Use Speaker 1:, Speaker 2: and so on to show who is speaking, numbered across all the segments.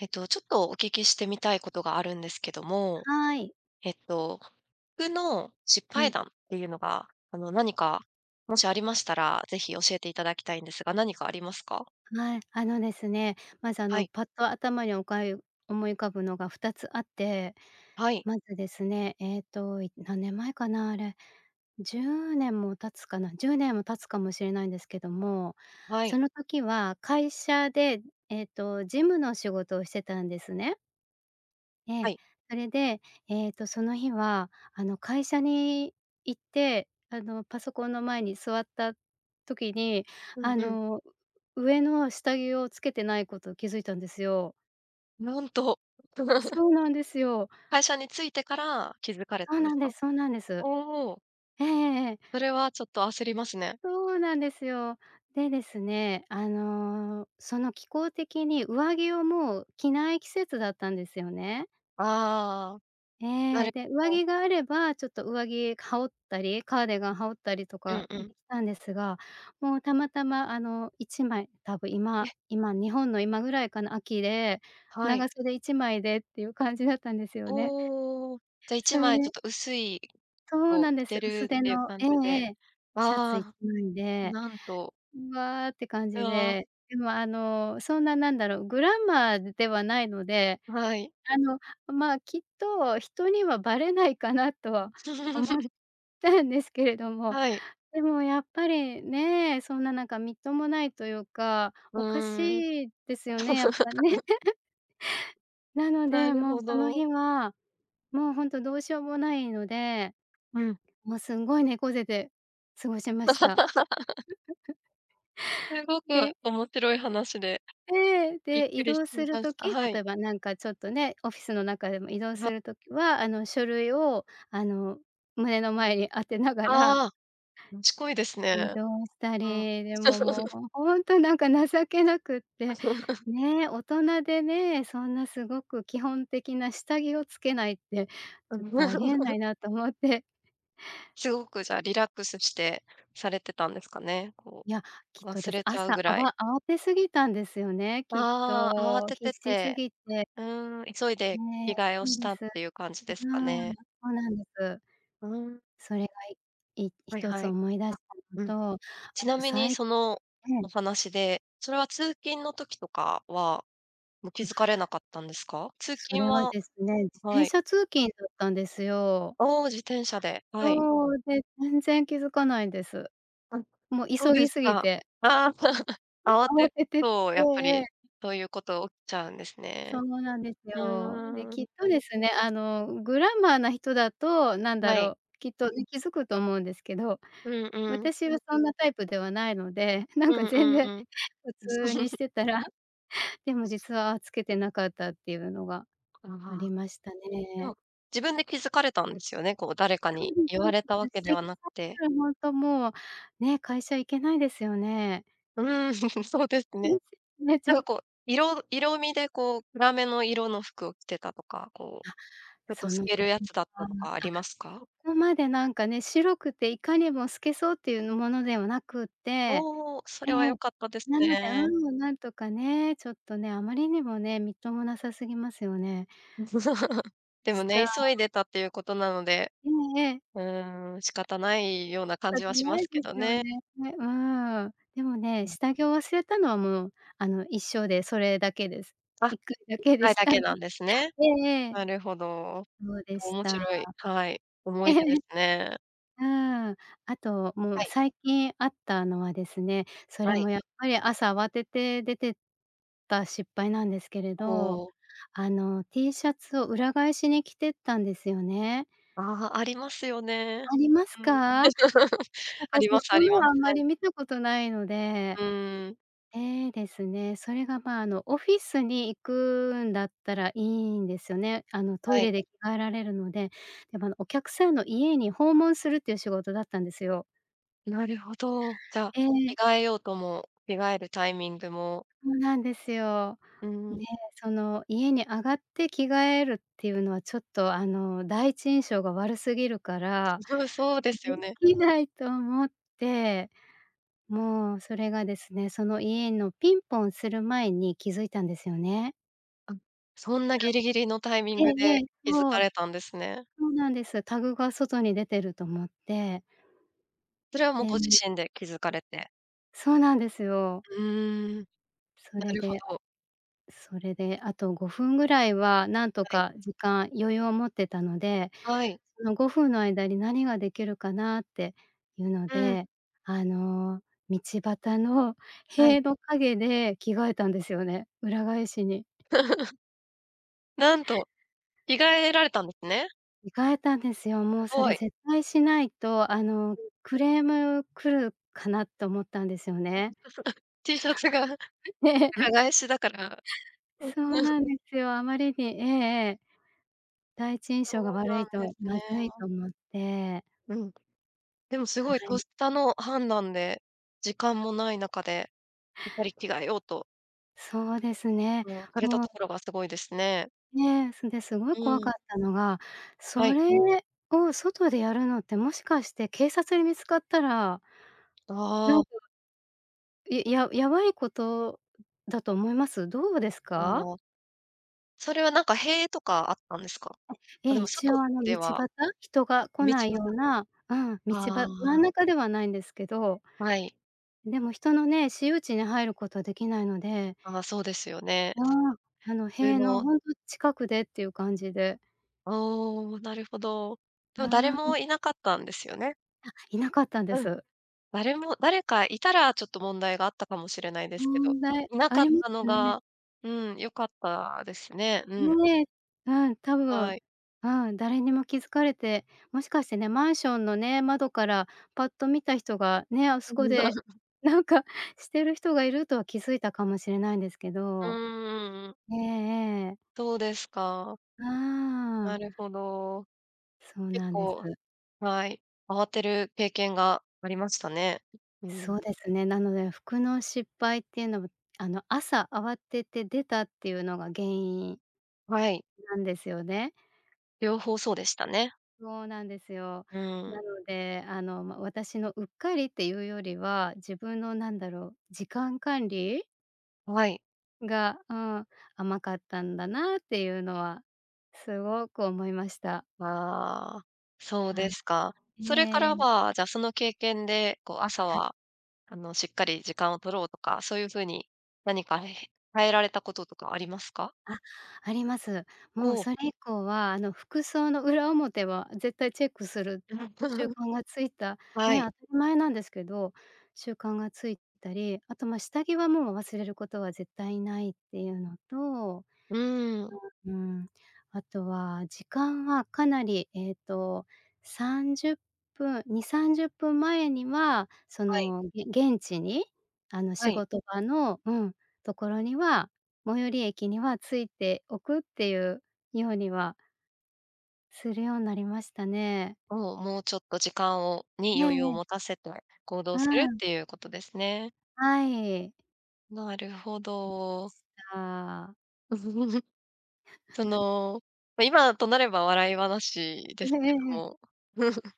Speaker 1: えっと、ちょっとお聞きしてみたいことがあるんですけども。
Speaker 2: はい。
Speaker 1: えっと服の失
Speaker 2: う
Speaker 1: 敗
Speaker 2: ん。
Speaker 1: 談っていうのが、あの、何か、もしありましたら、是非教えていただきたいんですが、何かありますか？
Speaker 2: はい、あのですね、まず、あ
Speaker 1: は
Speaker 2: の、
Speaker 1: い。
Speaker 2: パッと頭におかゆ、思い浮かぶのが2つあって。
Speaker 1: はい。
Speaker 2: まずですね、ええと、い、何年前かな、あれ。10年も経つかな、10年も経つかもしれないんですけども。
Speaker 1: はい。
Speaker 2: その時は会社で、ええと、事務の仕事をしてたんですね。え
Speaker 1: は
Speaker 2: え。
Speaker 1: い。
Speaker 2: それで、ええと、その日はあの、会社に行って、あの、パソコンの前に座った時に、
Speaker 1: う
Speaker 2: あ
Speaker 1: んうん。
Speaker 2: の、上の下着を着けてないことを気づいたんですよ。
Speaker 1: なんと。
Speaker 2: そうなんですよ。
Speaker 1: 会社に着いてから、気づかれ
Speaker 2: そう
Speaker 1: たんで
Speaker 2: なん
Speaker 1: す
Speaker 2: で
Speaker 1: か？
Speaker 2: すそうなんです。
Speaker 1: おお。
Speaker 2: ええええええ。
Speaker 1: それは、ちょっと焦りますね。
Speaker 2: そうなんですよ。で、ですね、あの、その気候的に、上着をもう着ない季節だったんですよね。
Speaker 1: ああ、な
Speaker 2: え
Speaker 1: る
Speaker 2: え。で、上
Speaker 1: ほど。
Speaker 2: 着があれば、ちょっと上着羽織ったり、カーディガン羽織ったりと
Speaker 1: うん
Speaker 2: か
Speaker 1: う
Speaker 2: で
Speaker 1: ん。
Speaker 2: きたんですが、もうたまたま、あの、1枚多分
Speaker 1: えっ。
Speaker 2: 今今、日本の今ぐらいかな、秋で、
Speaker 1: はい。
Speaker 2: 長袖1枚で、っていう感じだったんですよね。
Speaker 1: おお。じゃ、い
Speaker 2: そ
Speaker 1: ち
Speaker 2: れ
Speaker 1: まいち
Speaker 2: で
Speaker 1: ょっと薄い、
Speaker 2: そう
Speaker 1: を
Speaker 2: なん
Speaker 1: 着
Speaker 2: で
Speaker 1: て
Speaker 2: す。
Speaker 1: る
Speaker 2: 薄手
Speaker 1: っていう
Speaker 2: の
Speaker 1: 感
Speaker 2: ええ
Speaker 1: じ
Speaker 2: え
Speaker 1: で。
Speaker 2: え。シャツ
Speaker 1: わ
Speaker 2: いち
Speaker 1: あ、
Speaker 2: まいで。
Speaker 1: なんと。
Speaker 2: うわって感
Speaker 1: う
Speaker 2: じ
Speaker 1: あ。
Speaker 2: で。でも、あの、そんな何だろう、グラマーでではないので、
Speaker 1: はい。
Speaker 2: あの、まあ、きっと人には、ばれないかなと
Speaker 1: ん。
Speaker 2: は思っ たんですけれども。
Speaker 1: はい。
Speaker 2: でもやっぱりね、そんな、なんかみっともないというか、
Speaker 1: う
Speaker 2: おか
Speaker 1: ーん。
Speaker 2: しいですよね、やっぱね。なの
Speaker 1: な
Speaker 2: で、
Speaker 1: る
Speaker 2: もう、
Speaker 1: ほ
Speaker 2: その
Speaker 1: ど。
Speaker 2: 日は、もう、ほんとどうしようもないので、
Speaker 1: うん。
Speaker 2: もう、すんごい猫背で過ごしました。
Speaker 1: すごく
Speaker 2: で
Speaker 1: 面白い話で。
Speaker 2: ええ。
Speaker 1: びっ
Speaker 2: で、
Speaker 1: く
Speaker 2: 移
Speaker 1: りし
Speaker 2: 動する
Speaker 1: ました、
Speaker 2: 時、
Speaker 1: は
Speaker 2: 例
Speaker 1: い。
Speaker 2: えばなんかちょっとね、オフィスの中でも移動
Speaker 1: うわ。
Speaker 2: する時は、あの、書類を、あの、胸の前に当てながら
Speaker 1: ああ、賢いです
Speaker 2: 移
Speaker 1: ね。
Speaker 2: 動した
Speaker 1: うん。
Speaker 2: り。でも、もう、ほほんとなんか情けなくっ
Speaker 1: あ、
Speaker 2: て。
Speaker 1: そうなん
Speaker 2: ね、大人でね、そんな、すごく基本的な下着を着けないって、
Speaker 1: う
Speaker 2: ちょっ
Speaker 1: ん。
Speaker 2: とありえな いなと思って。
Speaker 1: すごくじゃ、リラックスしてされてたんですかね、こ
Speaker 2: いや、きっ
Speaker 1: う、
Speaker 2: と
Speaker 1: 忘
Speaker 2: です。
Speaker 1: れちゃう
Speaker 2: 朝、
Speaker 1: ぐ
Speaker 2: あ
Speaker 1: らい。
Speaker 2: わ慌て過ぎたんですよね、きっ
Speaker 1: ああ、慌
Speaker 2: と。
Speaker 1: て
Speaker 2: 必
Speaker 1: て
Speaker 2: 死す
Speaker 1: て。
Speaker 2: ぎて。
Speaker 1: うん。急いで
Speaker 2: ね、
Speaker 1: 着替えを
Speaker 2: そう
Speaker 1: し
Speaker 2: で
Speaker 1: た、っ
Speaker 2: す。う
Speaker 1: ていう感じですか
Speaker 2: うん、
Speaker 1: ね。
Speaker 2: そうなんです。
Speaker 1: うん。
Speaker 2: それがいい
Speaker 1: は
Speaker 2: ひ
Speaker 1: い
Speaker 2: と
Speaker 1: は
Speaker 2: つ
Speaker 1: い。
Speaker 2: 思い出
Speaker 1: あ、
Speaker 2: し
Speaker 1: うん。
Speaker 2: たのと、あ
Speaker 1: ちな
Speaker 2: と
Speaker 1: み
Speaker 2: さ
Speaker 1: に
Speaker 2: い
Speaker 1: その
Speaker 2: は
Speaker 1: お
Speaker 2: い。
Speaker 1: 話で、それは通勤の時とかは、もう気
Speaker 2: ん。
Speaker 1: づかれなかったんですか？通
Speaker 2: そ
Speaker 1: 勤
Speaker 2: れは
Speaker 1: は
Speaker 2: ですね、自
Speaker 1: は
Speaker 2: 転
Speaker 1: い。
Speaker 2: 車通勤だったんですよ。
Speaker 1: おお、自転車で。はい。
Speaker 2: そう。で、全然気づかないです。
Speaker 1: うん、
Speaker 2: も、
Speaker 1: そう
Speaker 2: 急
Speaker 1: です
Speaker 2: ぎすぎ
Speaker 1: か。
Speaker 2: て。
Speaker 1: あ、
Speaker 2: え、
Speaker 1: 慌
Speaker 2: 慌
Speaker 1: て
Speaker 2: わ
Speaker 1: る
Speaker 2: ててて、
Speaker 1: と、
Speaker 2: ええ
Speaker 1: やっぱ
Speaker 2: え
Speaker 1: り、
Speaker 2: え。
Speaker 1: そういうこと起きちゃうんです
Speaker 2: そ
Speaker 1: ね。
Speaker 2: うなんです
Speaker 1: う
Speaker 2: よ。で、
Speaker 1: ーん。
Speaker 2: きっとですね、あの、グラマーな人だと、なんだ
Speaker 1: はい。
Speaker 2: ろう、きっとい、気づくと思うんですけど、
Speaker 1: うんうん。
Speaker 2: 私はそんなタイプではないのでなん
Speaker 1: う
Speaker 2: か
Speaker 1: ん
Speaker 2: 全
Speaker 1: うん
Speaker 2: 然
Speaker 1: うん。
Speaker 2: 普通にし てたらでも実は着けてなかった、っていうのが
Speaker 1: あ
Speaker 2: あ
Speaker 1: あ、あ。
Speaker 2: りました
Speaker 1: で
Speaker 2: ね。
Speaker 1: も、自分で気づかれたんですよね？こう、誰か
Speaker 2: そ
Speaker 1: に
Speaker 2: うです
Speaker 1: 言
Speaker 2: そ
Speaker 1: わ
Speaker 2: う
Speaker 1: れたわ
Speaker 2: で
Speaker 1: け
Speaker 2: す。
Speaker 1: で
Speaker 2: 指摘
Speaker 1: はなく
Speaker 2: さ
Speaker 1: て。
Speaker 2: れたらほんともう、ね、会社行けないですよね。
Speaker 1: うん、そうです
Speaker 2: 悲しく
Speaker 1: ね。
Speaker 2: て泣い
Speaker 1: な
Speaker 2: ち
Speaker 1: ん
Speaker 2: ゃ
Speaker 1: か
Speaker 2: う。
Speaker 1: こう、色色味でこう、暗めの色の服を着てたとか、こ
Speaker 2: あっ、
Speaker 1: う、ちょっと
Speaker 2: そ
Speaker 1: 透
Speaker 2: の時
Speaker 1: けるやつだっ
Speaker 2: は、
Speaker 1: たとかあ
Speaker 2: あ、
Speaker 1: りますか？
Speaker 2: そこまでなんかね、白くていかにも透けそう、っていうものではなくって、
Speaker 1: おお、それは良
Speaker 2: ね。
Speaker 1: かったです
Speaker 2: なので、
Speaker 1: ね。
Speaker 2: うん、なんとかね、ちょっとね、あまりにもね、みっともなさすぎますよね。
Speaker 1: でも
Speaker 2: し
Speaker 1: ね、
Speaker 2: た
Speaker 1: 急いでたっていうことなので、
Speaker 2: うん、ええ。
Speaker 1: うーん、仕方ないような感
Speaker 2: だっ
Speaker 1: じ
Speaker 2: て
Speaker 1: はし
Speaker 2: な
Speaker 1: ま
Speaker 2: い
Speaker 1: す
Speaker 2: で
Speaker 1: け
Speaker 2: す
Speaker 1: ど
Speaker 2: よ
Speaker 1: ね。
Speaker 2: ねね、うん。でも
Speaker 1: う
Speaker 2: ね、
Speaker 1: ん。
Speaker 2: 下着を忘れたのはもう、あの、一生でそれだけです。
Speaker 1: あ、
Speaker 2: 1回だ
Speaker 1: いっ
Speaker 2: けで
Speaker 1: かい
Speaker 2: し
Speaker 1: だ
Speaker 2: た
Speaker 1: け
Speaker 2: ん
Speaker 1: なんですね。
Speaker 2: ええええ。
Speaker 1: なるほど。
Speaker 2: そうでし
Speaker 1: 面
Speaker 2: た。
Speaker 1: 白い。はい。思
Speaker 2: え
Speaker 1: い
Speaker 2: え。
Speaker 1: 出ですね。
Speaker 2: うん、あとも
Speaker 1: は
Speaker 2: う、
Speaker 1: い。
Speaker 2: 最近あったのはですね、そ
Speaker 1: は
Speaker 2: れ
Speaker 1: い。
Speaker 2: もやっぱり、朝慌てて出てった失敗なんですけれ
Speaker 1: お
Speaker 2: ど。
Speaker 1: お。
Speaker 2: あの、T シャツを裏返しに着てったんですよね。
Speaker 1: あ、ありますよね。
Speaker 2: あります
Speaker 1: うん。
Speaker 2: か？
Speaker 1: あ
Speaker 2: 私、
Speaker 1: りますあ
Speaker 2: 人
Speaker 1: りま
Speaker 2: の
Speaker 1: す。
Speaker 2: あん
Speaker 1: は
Speaker 2: ま
Speaker 1: い。
Speaker 2: り見たことないの
Speaker 1: う
Speaker 2: で
Speaker 1: ーん。
Speaker 2: ええ、ですね。それが、ま、あの、オフィスに行くんだったらいいんですね。あの、ト
Speaker 1: は
Speaker 2: イ
Speaker 1: い。
Speaker 2: レで着替えられるので。でも、あの、お客さんの家に、訪問するっていう仕事だったんですよ。
Speaker 1: なるほど、じゃ、
Speaker 2: え
Speaker 1: 着
Speaker 2: え。
Speaker 1: 替えようとも、着替えるタイミングも
Speaker 2: そうなんですよ。
Speaker 1: う
Speaker 2: で、
Speaker 1: ん。
Speaker 2: その家に上がって着替えるっていうのはちょっと、あの、第一印象が悪すぎるから
Speaker 1: そそうです
Speaker 2: で
Speaker 1: よね。
Speaker 2: きないと思って。もうそれがですね、その家のピンポンする前に気づいたんですよね。
Speaker 1: うん。そんな
Speaker 2: は
Speaker 1: ギリギリのタイミン
Speaker 2: い。
Speaker 1: グ
Speaker 2: ええええ。
Speaker 1: で気づ
Speaker 2: そ
Speaker 1: か
Speaker 2: う。
Speaker 1: れたんですね。
Speaker 2: そうなんです。タグが外に出てると思って。
Speaker 1: それはもうご自
Speaker 2: で
Speaker 1: 身で気づかれて。
Speaker 2: そうなんですよ。
Speaker 1: うーん。
Speaker 2: そ
Speaker 1: な
Speaker 2: れ
Speaker 1: るほ
Speaker 2: で
Speaker 1: ど。
Speaker 2: それであと5分ぐらいは何と
Speaker 1: はい。
Speaker 2: か時間、余裕を持ってたので、
Speaker 1: はい。
Speaker 2: その5分の間に何ができるかなっていうの
Speaker 1: うん。
Speaker 2: で、あの道端の
Speaker 1: はい。
Speaker 2: 塀の影で着替えたんですよね。裏返しに。
Speaker 1: なんと、着替えられたんですね。
Speaker 2: 着替えたんですよ。も
Speaker 1: す
Speaker 2: うそ
Speaker 1: ご
Speaker 2: れ
Speaker 1: い。
Speaker 2: 絶対しないと、あの、
Speaker 1: うん。
Speaker 2: クレーム来るかなと思ったんですよね。
Speaker 1: T シャツが裏
Speaker 2: で
Speaker 1: 返しだから。うん。
Speaker 2: そうなん ですよ。あまりに、ええ
Speaker 1: うん。
Speaker 2: ええ。第一印
Speaker 1: そ
Speaker 2: 象が
Speaker 1: うな
Speaker 2: 悪い
Speaker 1: んで
Speaker 2: と
Speaker 1: す
Speaker 2: まずい
Speaker 1: ね。
Speaker 2: と思って。
Speaker 1: うん。でもすごい
Speaker 2: はい。
Speaker 1: 咄嗟の判断で時間もない中で、やっぱり着替えようと
Speaker 2: そうですね、
Speaker 1: うん。された
Speaker 2: も
Speaker 1: と
Speaker 2: う
Speaker 1: ころがすごいですね。
Speaker 2: ね、そんですごい
Speaker 1: う
Speaker 2: 怖かっ
Speaker 1: ん。
Speaker 2: たのが、
Speaker 1: は
Speaker 2: そ
Speaker 1: い。
Speaker 2: れを外でやるのってもしかして警察に見つかったら
Speaker 1: あ
Speaker 2: なん
Speaker 1: あ。
Speaker 2: か、いややばいことだと思います？どうです
Speaker 1: あ
Speaker 2: か？
Speaker 1: あ。それはなんか塀とかあったんですか？
Speaker 2: え。え
Speaker 1: あ、で
Speaker 2: え。
Speaker 1: も
Speaker 2: 一
Speaker 1: 外
Speaker 2: 応あの
Speaker 1: で
Speaker 2: 道
Speaker 1: は、
Speaker 2: 端。人が
Speaker 1: あ、
Speaker 2: 来
Speaker 1: 道
Speaker 2: ない
Speaker 1: 端。
Speaker 2: ような、うん。道
Speaker 1: あ
Speaker 2: ば真
Speaker 1: あ。
Speaker 2: ん中ではないんですけど、でも人のね
Speaker 1: はい。
Speaker 2: 私有地に入ることはできないので
Speaker 1: ああ。そうですよね。
Speaker 2: あ
Speaker 1: そっ
Speaker 2: あ。
Speaker 1: か。
Speaker 2: あの
Speaker 1: 普通
Speaker 2: 塀の
Speaker 1: の
Speaker 2: ほんと近くでっていう感じで。
Speaker 1: あ、おお。なるほど。でも誰
Speaker 2: ああ、うん。
Speaker 1: もいなかったんですよね。
Speaker 2: あ、いなかったんで
Speaker 1: うん。
Speaker 2: す。
Speaker 1: 誰も誰かいたらちょっと問題があったかもしれないですけど、
Speaker 2: 問題
Speaker 1: いな
Speaker 2: あ
Speaker 1: かっ
Speaker 2: りま
Speaker 1: たの
Speaker 2: すよね。
Speaker 1: がうん。良かったですね。うん。
Speaker 2: うん、ね。うん、多
Speaker 1: は
Speaker 2: 分、
Speaker 1: い。
Speaker 2: うん。誰にも気づかれてもしかしてね。マンションのね、窓からパッと見た人が、ね、あそこで なんかしてる人がいるとは気づいたかもしれないんですけ
Speaker 1: うん
Speaker 2: ど。
Speaker 1: うんうん。
Speaker 2: ええええ。
Speaker 1: そうですか。
Speaker 2: う
Speaker 1: な
Speaker 2: ん。
Speaker 1: るほど。
Speaker 2: そう
Speaker 1: 結
Speaker 2: なんです。
Speaker 1: 構はい。慌てる経験がありましたね。う
Speaker 2: そ
Speaker 1: ん。
Speaker 2: うですね。なので、服の失敗っていうの、ぶあの、朝慌てて出たっていうのが原因
Speaker 1: はい。
Speaker 2: なんですよね。
Speaker 1: 両方そうでしたね。
Speaker 2: そうなんですよ。
Speaker 1: う
Speaker 2: な
Speaker 1: ん。
Speaker 2: ので、あの、ま、私のうっかりっていうよりは、自分の何だろう、時間管理。
Speaker 1: う、わい。
Speaker 2: が、うん、甘かったんだなっていうのはすごく思いました。
Speaker 1: ああ、そう
Speaker 2: ああ。
Speaker 1: ですか。それか
Speaker 2: へ
Speaker 1: ら
Speaker 2: え。
Speaker 1: は、じゃ、その経験で、こう、朝
Speaker 2: はい。
Speaker 1: は、あの、しっかり時間を取ろうとか、そういう風に何かへへ変えられたこととかありますか？
Speaker 2: あ、あります。もう
Speaker 1: おお。
Speaker 2: それ以降は、あの、服装の裏表は絶対チェックする
Speaker 1: うん。
Speaker 2: 習 慣がついた、
Speaker 1: は
Speaker 2: ね、
Speaker 1: い。
Speaker 2: 当たり前なんですけど、習慣がついたり、あと、ま、下着はもう忘れることは絶対ないっていうのと、
Speaker 1: うんうんうん。
Speaker 2: うん、あとは時間はかなり、えっと、30分、2、30分前には、そ
Speaker 1: はい。
Speaker 2: のげ現地に、あの、
Speaker 1: は
Speaker 2: 仕
Speaker 1: い。
Speaker 2: 事場の、うん、ところには、最寄り駅には着いておくっていうようにはするようなりましたね。
Speaker 1: お、もうちょっと時間を
Speaker 2: え
Speaker 1: に
Speaker 2: ええ
Speaker 1: 余裕を
Speaker 2: え。
Speaker 1: 持たせて行動
Speaker 2: う
Speaker 1: するっ
Speaker 2: ん。
Speaker 1: ていうことですね。
Speaker 2: はい。
Speaker 1: なるほど。
Speaker 2: した。
Speaker 1: そ の、ま、今となれば笑い話 で
Speaker 2: え
Speaker 1: す
Speaker 2: え
Speaker 1: けど
Speaker 2: ええ。
Speaker 1: も。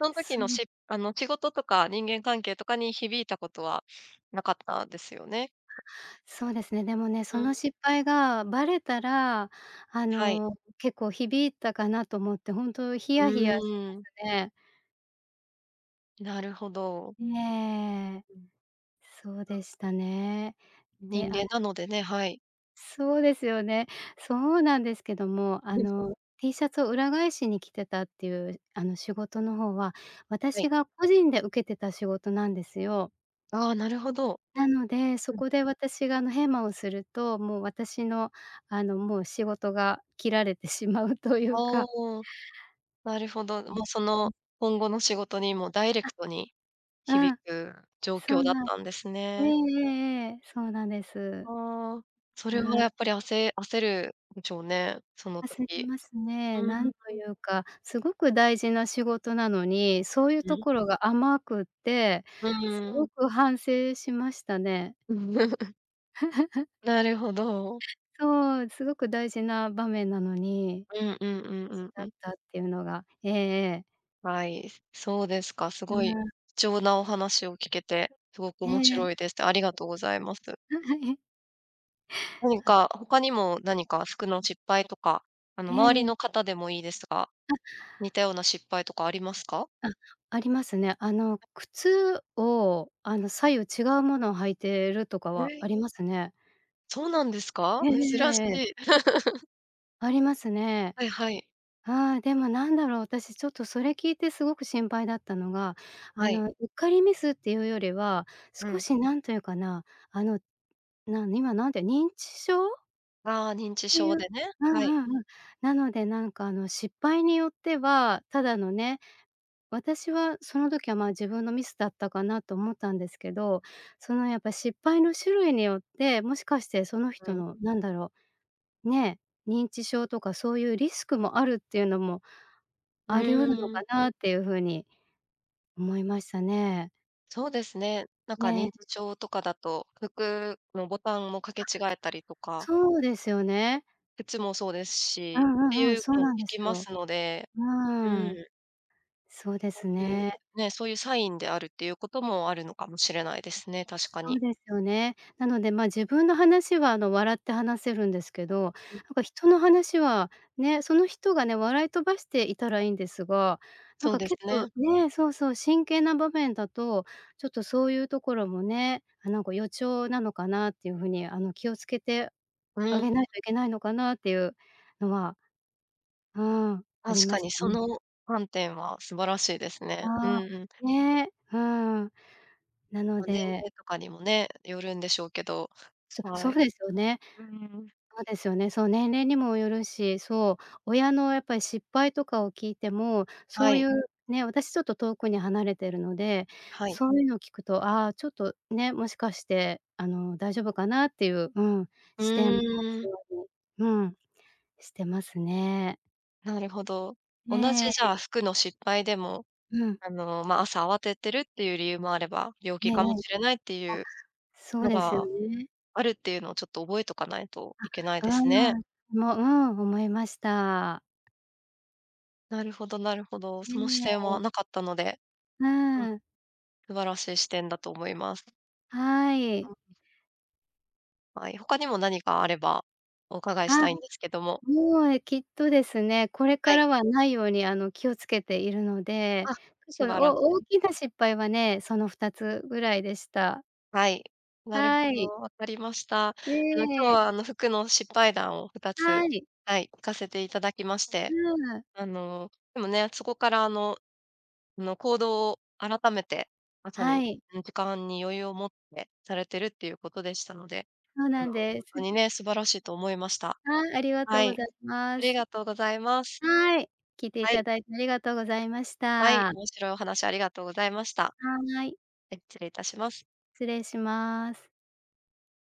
Speaker 1: その時の、
Speaker 2: す
Speaker 1: しあの、仕事とか人間関係とかに、響いたことはなかったですよね？
Speaker 2: そうですね。でもね、
Speaker 1: う
Speaker 2: そ
Speaker 1: ん。
Speaker 2: の失敗がバレたら、あ
Speaker 1: はい。
Speaker 2: の、結構響いたかなと思って本当ヒ
Speaker 1: う
Speaker 2: ヤヒヤしま
Speaker 1: ーん。
Speaker 2: すね。
Speaker 1: なるほど。
Speaker 2: ええ。
Speaker 1: うん。
Speaker 2: そう
Speaker 1: あ。
Speaker 2: でしたね。
Speaker 1: 人
Speaker 2: で、あ
Speaker 1: 間なのでね。はい。
Speaker 2: そうですよね。そうなんですけども。あ の、T シャツを裏返しに着てたっていう、あの、仕事の方は、
Speaker 1: はい。
Speaker 2: 私が個人で受けてた仕事なんですよ。
Speaker 1: ああ、なるほど。
Speaker 2: なので、そ
Speaker 1: うん。
Speaker 2: こで私が、あの、ヘマをすると、もう私の、あの、もう仕事が切られてしまうという
Speaker 1: あ
Speaker 2: か。
Speaker 1: あ、なるほど。もうその、今後の仕事にもダイレ
Speaker 2: あ。
Speaker 1: クトに
Speaker 2: あ
Speaker 1: 響
Speaker 2: あ、
Speaker 1: く状
Speaker 2: そ
Speaker 1: 況
Speaker 2: ん
Speaker 1: だっ
Speaker 2: なん。
Speaker 1: たんです
Speaker 2: ええ
Speaker 1: ね。
Speaker 2: ええええ。そうなんです。
Speaker 1: ああ。そ
Speaker 2: う
Speaker 1: れは
Speaker 2: ん。
Speaker 1: やっぱり、あせ焦るでしょうね、その
Speaker 2: 焦り
Speaker 1: 時。
Speaker 2: ますね。
Speaker 1: う
Speaker 2: な
Speaker 1: ん。
Speaker 2: んというか、すごく大事な仕事なのに、そういう
Speaker 1: う
Speaker 2: と
Speaker 1: ん。
Speaker 2: ころが甘くて。
Speaker 1: う
Speaker 2: す
Speaker 1: ー
Speaker 2: ご
Speaker 1: ん。
Speaker 2: く反省しましたね。
Speaker 1: なるほど。
Speaker 2: そう、すごく大事な場面なのに。
Speaker 1: うんうんうん うん、う
Speaker 2: だっ
Speaker 1: ん。
Speaker 2: たっていうのが。ええ。
Speaker 1: はい、そうですか。す
Speaker 2: う
Speaker 1: ごい
Speaker 2: ん。
Speaker 1: 貴重なお話を聞けて、すごく
Speaker 2: え
Speaker 1: 面
Speaker 2: えええ。
Speaker 1: 白いです。ありがとうございます。なんか 他にも、何か服の失敗とか、あの、
Speaker 2: え
Speaker 1: 周り
Speaker 2: え。
Speaker 1: の方でもいいですが、似
Speaker 2: あ。
Speaker 1: たような失敗とかありますか？
Speaker 2: あ、ありますね。あの、靴を、あの、左右違うものを履いているとか
Speaker 1: へ
Speaker 2: は
Speaker 1: え。
Speaker 2: ありますね。
Speaker 1: そうなんですか？
Speaker 2: えええ
Speaker 1: 珍し
Speaker 2: えええええ。
Speaker 1: い。
Speaker 2: ありますね。
Speaker 1: はいはい。
Speaker 2: ああ、でもなんだろう。私ちょっとそれ聞いてすごく心配だったのが、あ
Speaker 1: はい。
Speaker 2: の、うっかりミスっていうよりは、
Speaker 1: う
Speaker 2: 少
Speaker 1: ん。
Speaker 2: しなんというかな、あの、な今なんて認知症
Speaker 1: ああ、認知
Speaker 2: てい
Speaker 1: 症
Speaker 2: う。
Speaker 1: でね。
Speaker 2: う
Speaker 1: は
Speaker 2: ん
Speaker 1: い。
Speaker 2: うんうん。なのでなんか、あの、失敗によっては、ただのね、私はその時は、ま、自分のミスだったかなと思ったんですけど。その、やっぱ、失敗の種類によって、もしかしてその
Speaker 1: う
Speaker 2: 人
Speaker 1: ん。
Speaker 2: のなんだろうね、認知症とかそういうリスクもあるっていうのも、
Speaker 1: う
Speaker 2: あり得るの
Speaker 1: ー
Speaker 2: か
Speaker 1: ん。
Speaker 2: なっていう風に思いましたね。
Speaker 1: そうですね。なんか認知
Speaker 2: ね。
Speaker 1: 症とかだと、服のボタンも掛
Speaker 2: あ。
Speaker 1: け違えたりとか。
Speaker 2: そうですよね。
Speaker 1: 靴もそうです
Speaker 2: う
Speaker 1: し、っ
Speaker 2: ん
Speaker 1: て
Speaker 2: うんうん。
Speaker 1: いう
Speaker 2: そう
Speaker 1: のも聞
Speaker 2: なんです
Speaker 1: きま
Speaker 2: よ。
Speaker 1: すので
Speaker 2: う
Speaker 1: う
Speaker 2: ーん。
Speaker 1: ん。
Speaker 2: そうで
Speaker 1: こ
Speaker 2: す
Speaker 1: ういう
Speaker 2: ね。
Speaker 1: ね、そういうサインであるっていうことも、あるのかもしれないですね、確か
Speaker 2: そ
Speaker 1: に。
Speaker 2: うですよね。なので、ま、自分の話は、あの、笑って話せるんですけど。
Speaker 1: うん。
Speaker 2: なんか人の話はね、その人がね、笑い飛ばしていたらいんですが。なん
Speaker 1: そう
Speaker 2: か
Speaker 1: です
Speaker 2: 結構
Speaker 1: ね。
Speaker 2: ね、そうそう、真剣な場面だと、ちょっとそういうところもね、なんか予兆なのかなっていう風に、あの、気を付けて
Speaker 1: う
Speaker 2: あげ
Speaker 1: ん。
Speaker 2: ないといけないのかなっていうのは、うん、あり
Speaker 1: 確
Speaker 2: ま
Speaker 1: か
Speaker 2: し
Speaker 1: に、
Speaker 2: た
Speaker 1: そ
Speaker 2: ね。
Speaker 1: の観点は素晴らしいです
Speaker 2: あ。
Speaker 1: ね。うんうん。
Speaker 2: ね。うん。なの
Speaker 1: ま、年
Speaker 2: で
Speaker 1: 齢とかにもね、よるんでしょうけど。
Speaker 2: そ
Speaker 1: は
Speaker 2: そう
Speaker 1: い。
Speaker 2: ですよね
Speaker 1: うんうんうん。
Speaker 2: そうですよね。そう、年齢にもよるし。そう、親のやっぱり失敗とかを聞いても、
Speaker 1: は
Speaker 2: そうい
Speaker 1: い。
Speaker 2: うね。私ちょっと遠くに離れているので、
Speaker 1: はい。
Speaker 2: そういうのを聞くと、あ、ちょっと、ね、もしかしてあの、大丈夫かなっていう、うん。
Speaker 1: う
Speaker 2: 視点持
Speaker 1: ー
Speaker 2: つ
Speaker 1: ん。
Speaker 2: ように、うん、してますね。
Speaker 1: なるほど。同じ、
Speaker 2: え
Speaker 1: じ
Speaker 2: え。
Speaker 1: ゃあ、服の失敗でも、
Speaker 2: うん。
Speaker 1: あの、ま、朝慌ててるっていう理由もあれば、病
Speaker 2: え
Speaker 1: 気
Speaker 2: えええ。
Speaker 1: かも
Speaker 2: あ、
Speaker 1: しれないっていう
Speaker 2: そう
Speaker 1: の
Speaker 2: ですよ
Speaker 1: が
Speaker 2: ね。
Speaker 1: あるっていうのをちょっと覚えとかないといけない
Speaker 2: あ、
Speaker 1: で
Speaker 2: う
Speaker 1: すね。
Speaker 2: ーん、も、うーん、思いました。
Speaker 1: なるほどなるほど。
Speaker 2: え
Speaker 1: その
Speaker 2: え
Speaker 1: 視点
Speaker 2: え
Speaker 1: は
Speaker 2: え。
Speaker 1: なかったので
Speaker 2: う
Speaker 1: うん。
Speaker 2: ん。
Speaker 1: 素晴らしい視点だと思います。
Speaker 2: は
Speaker 1: う
Speaker 2: い。
Speaker 1: ん。はい、他にも何かあれば、お伺いし
Speaker 2: あ、
Speaker 1: たいんですけども。
Speaker 2: もえきっとですね、これ
Speaker 1: は
Speaker 2: か
Speaker 1: い。
Speaker 2: らはないように、あの、気をつけているので、
Speaker 1: あ、
Speaker 2: くと
Speaker 1: 素晴らし
Speaker 2: お大
Speaker 1: い。
Speaker 2: きな失敗はね、その2つぐらいでした。
Speaker 1: はい、なるほ
Speaker 2: はい。
Speaker 1: ど。わかりました。あ
Speaker 2: え
Speaker 1: の、今日
Speaker 2: え。
Speaker 1: は、あの、服の失敗談を2つ
Speaker 2: はい。
Speaker 1: はい、聞かせていただきまして、
Speaker 2: う、あ。
Speaker 1: あの、でもね、そこから、あのあの、行動を改めて、まさ
Speaker 2: は
Speaker 1: に、
Speaker 2: い。
Speaker 1: ん、時間に余裕を持ってされてるっていうことでしたので、
Speaker 2: そう
Speaker 1: あ
Speaker 2: な
Speaker 1: の、
Speaker 2: ん
Speaker 1: ほん
Speaker 2: です。
Speaker 1: と
Speaker 2: う。
Speaker 1: にね、素晴らしいと思いました。
Speaker 2: はい、ありがとう
Speaker 1: は
Speaker 2: ご
Speaker 1: い、
Speaker 2: ざい
Speaker 1: あ
Speaker 2: ま
Speaker 1: り
Speaker 2: す。
Speaker 1: がとうございます。
Speaker 2: はい。聞いてい
Speaker 1: はい。
Speaker 2: ただいてありがとうございまし
Speaker 1: はい、
Speaker 2: た。
Speaker 1: 面白いお話ありがとうございました。は
Speaker 2: はい。
Speaker 1: い、え、つれいたします。
Speaker 2: 失礼します。